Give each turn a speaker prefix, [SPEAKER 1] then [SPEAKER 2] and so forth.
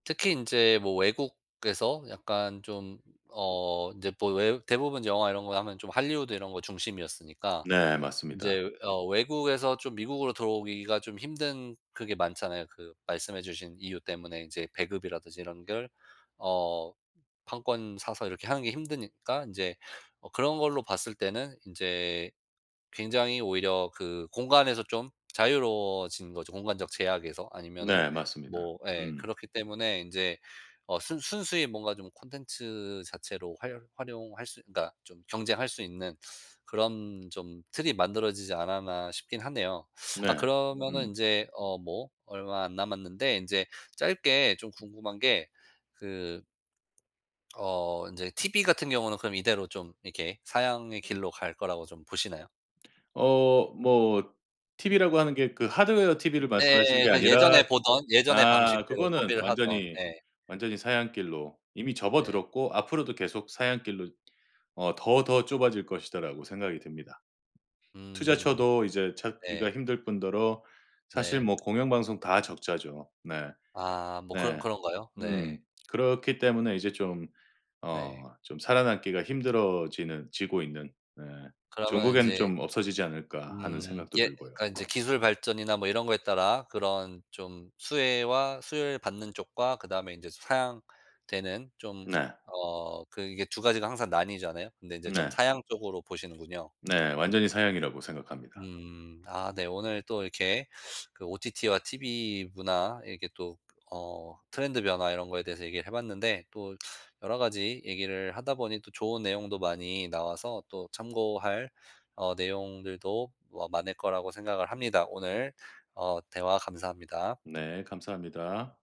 [SPEAKER 1] 특히 인제 뭐 외국에서 약간 좀 어 인제 뭐 외 대부분 영화 이런 거 하면 좀 할리우드 이런 거 중심이었으니까
[SPEAKER 2] 네 맞습니다.
[SPEAKER 1] 인제 어 외국에서 좀 미국으로 들어오기가 좀 힘든 그게 많잖아요. 그 말씀해 주신 이유 때문에 이제 배급이라든지 이런 걸 어 판권 사서 이렇게 하는 게 힘드니까 인제 어 그런 걸로 봤을 때는 인제 굉장히 오히려 그 공간에서 좀 자유로워진 거죠 공간적 제약에서. 아니면은
[SPEAKER 2] 네 맞습니다.
[SPEAKER 1] 뭐 예
[SPEAKER 2] 음.
[SPEAKER 1] 그렇기 때문에 인제 어 순 순수히 뭔가 좀 콘텐츠 자체로 활 활용할 수 그니까 좀 경쟁할 수 있는 그런 좀 틀이 만들어지지 않았나 싶긴 하네요. 아
[SPEAKER 2] 네.
[SPEAKER 1] 그러면은
[SPEAKER 2] 음.
[SPEAKER 1] 인제 어 뭐 얼마 안 남았는데 인제 짧게 좀 궁금한 게 그 어 인제 TV 같은 경우는 그럼 이대로 좀 이렇게 사양의 길로 갈 거라고 좀 보시나요?
[SPEAKER 2] 어 뭐 TV라고 하는 게 그 하드웨어 TV를 말씀하시는
[SPEAKER 1] 예.
[SPEAKER 2] 게
[SPEAKER 1] 그 예전에
[SPEAKER 2] 아니라
[SPEAKER 1] 보던 예전의
[SPEAKER 2] 아
[SPEAKER 1] 방식대로
[SPEAKER 2] 그거는
[SPEAKER 1] 소비를 하던
[SPEAKER 2] 완전히
[SPEAKER 1] 예.
[SPEAKER 2] 완전히 사양길로 이미
[SPEAKER 1] 네.
[SPEAKER 2] 접어들었고 앞으로도 계속 사양길로 어 '더, 더 좁아질 것이다.'라고 생각이 됩니다.
[SPEAKER 1] 음.
[SPEAKER 2] 투자처도 이제 찾기가
[SPEAKER 1] 네.
[SPEAKER 2] 힘들 뿐더러 사실
[SPEAKER 1] 네.
[SPEAKER 2] 뭐 공영방송 다 적자죠. 네.
[SPEAKER 1] 아 뭐 그런
[SPEAKER 2] 네.
[SPEAKER 1] 그런가요?
[SPEAKER 2] 음.
[SPEAKER 1] 네.
[SPEAKER 2] 그렇기 때문에 이제 좀
[SPEAKER 1] 네.
[SPEAKER 2] 어 좀 살아남기가 힘들어지는 지고 있는 네.
[SPEAKER 1] 그러면
[SPEAKER 2] 종국에는
[SPEAKER 1] 인제
[SPEAKER 2] 좀 없어지지 않을까 하는
[SPEAKER 1] 음.
[SPEAKER 2] 생각도
[SPEAKER 1] 예
[SPEAKER 2] 들고요.
[SPEAKER 1] 그러니까 이제 기술 발전이나 뭐 이런 거에 따라 그런 좀 수혜와 수혜를 받는 쪽과 그다음에 인제 사양되는 좀
[SPEAKER 2] 네.
[SPEAKER 1] 어 그 이게 2 가지가 항상 나뉘잖아요. 근데 이제 좀
[SPEAKER 2] 네.
[SPEAKER 1] 사양 쪽으로 보시는군요.
[SPEAKER 2] 네 완전히 사양이라고 생각합니다.
[SPEAKER 1] 음. 아 네. 오늘 또 이렇게 그 OTT와 TV 문화 이렇게 또 어 트렌드 변화 이런 거에 대해서 얘기를 해 봤는데 또 여러 가지 얘기를 하다 보니 또 좋은 내용도 많이 나와서 또 참고할 어 내용들도 뭐 많을 거라고 생각을 합니다. 오늘 어 대화 감사합니다.
[SPEAKER 2] 네. 감사합니다.